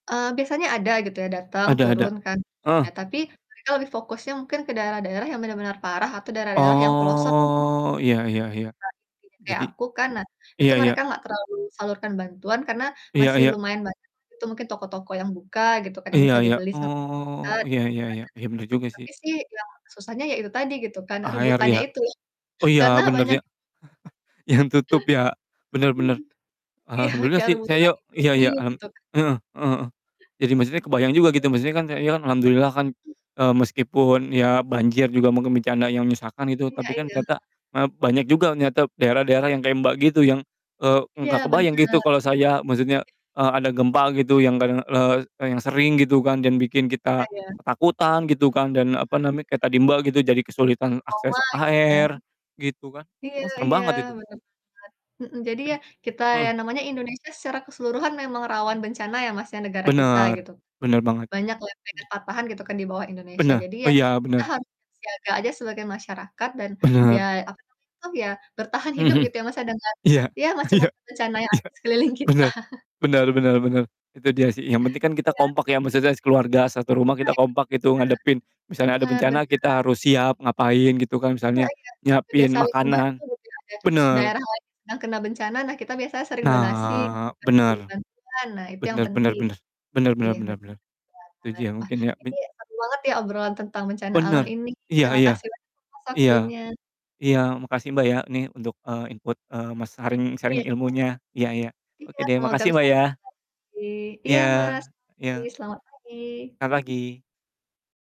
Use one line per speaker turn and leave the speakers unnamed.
Eee, biasanya ada gitu ya, datang
Ada ada.
turun kan,
Heeh.
[unintelligible] tapi mereka lebih fokusnya mungkin ke daerah-daerah yang benar-benar parah atau daerah-daerah yang pelosok,
Oh, iya iya iya.
[unintelligible] kayak
Jadi
aku kan. Nah, itu
iya iya.
mereka nggak terlalu salurkan bantuan karena
Iya
masih
iya.
lumayan banyak gitu, mungkin toko-toko yang buka gitu kan, yang
iya
bisa
iya.
dibeli sama
Oh,
kita,
iya
gitu
iya iya. Iya, bener
kan.
juga
Nah,
sih.
tapi sih, ya susahnya, ya itu tadi gitu kan,
Air,
rebutannya
ya?
itu.
Oh iya,
Karena,
bener
banyak
ya. Yang tutup ya,
Hmm,
bener-bener.
iya,
Alhamdulillah
kayak
sih,
rebutan
sayo iya
Indomie,
iya, alham
gitu kan.
heeh, heeh heeh. Jadi maksudnya kebayang juga gitu, jadi maksudnya kan saya kan alhamdulillah kan, eee, meskipun ya banjir juga mungkin bencana yang nyusahkan gitu,
Iya
tapi kan
iya.
ternyata maaf, banyak juga ternyata daerah-daerah yang kayak Mbak, gitu yang, eee,
Iya,
nggak kebayang gitu,
bener.
kalau saya maksudnya, eee, ada gempa gitu yang kadang, le yang sering gitu kan yang bikin kita,
Iya, ya.
ketakutan gitu kan, dan
Mmm,
apa
benar
namanya, kayak tadi,
benar.
Mbak, gitu jadi kesulitan
Trauma,
akses
gitu
air
kan.
gitu kan.
Iya
Oh, serem
iya,
banget itu.
bener banget, mhm. Jadi
Itu
ya,
jug
kita ya
heeh.
namanya Indonesia secara keseluruhan memang rawan bencana ya, Mas, ya negara kita
Bener,
gitu kan,
bener banget.
banyak lempengan, patahan, gitu kan, di bawah Indonesia.
Bene
Jadi
oh
ya
iya,
kita
benar.
harus siap siaga aja sebagai masyarakat dan, ya,
Benar.
apa namanya tuh ya, bertahan hidup
Mhm mhm.
gitu ya, Mas, ya dengan
Iya,
ya
iya,
macam-macam bencana yang
iya,
ada di sekeliling kita.
bener bener bener bener, itu dia sih, yang penting kan kita
Iya.
kompak ya, maksudnya sekeluarga satu rumah kita
Nah,
kompak gitu, ngadepin
itu dia,
misalnya ada
benar
bencana,
benar.
kita harus siap ngapain gitu kan,
Iya
misalnya
iya, nah, itu dia
nyiapin
saling membantu,
makanan
mungkin ada
bener.
daerah lain yang sedang kena bencana. Nah, kita biasanya saling donasi, gitu
Nah,
kan, kirim
bener.
bantuan. Nah, itu yang
Bener bener
penting.
bener. Bener bener
Iya,
bener
betul
bener. Setuju
banget!
ya,
Wah,
mungkin ya min
ini seru banget ya, obrolan tentang bencana alam
Bener.
ini.
Iya iya.
Makasih banyak Mas, atas
Iya,
waktunya.
iya makasih Mbak, ya, nih untuk, eee, input, eee, mas sharing-sharing
Iya Mas.
ilmunya, iya iya. Oke
Iya,
deh,
semoga
makasih
bisa
Mbak,
ngobrol
ya.
lagi. Iya,
Iya
Mas.
iya.
[unintelligible] Selamat pagi.
Ka pagi.